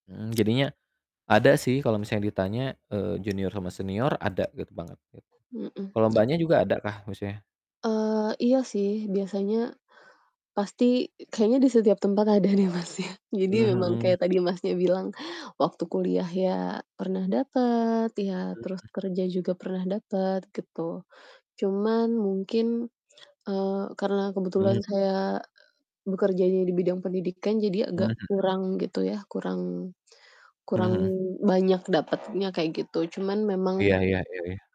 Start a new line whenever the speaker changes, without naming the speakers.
Mhm, jadinya, ada sih kalo misalnya ditanya, eee, junior sama senior ada gitu banget, gitu.
Mmm, mhm.
Kalau Mbaknya juga ada kah musuhnya?
Eee, iya sih, biasanya, pasti kayaknya di setiap tempat ada deh, Mas, ya.
Mmm,
Jadi memang
mhm.
kayak tadi Masnya bilang, waktu kuliah ya pernah dapet, ya, terus
Mhm.
kerja juga pernah dapet, gitu. Cuman mungkin, eee, karena
Hmm.
kebetulan saya bekerjanya di bidang pendidikan, jadi
Mmm,
agak
mhm.
kurang, gitu ya, kurang
Mhm
kurang
mhm.
banyak dapetnya, kayak gitu. Cuman
Iya
memang
iya iya iya.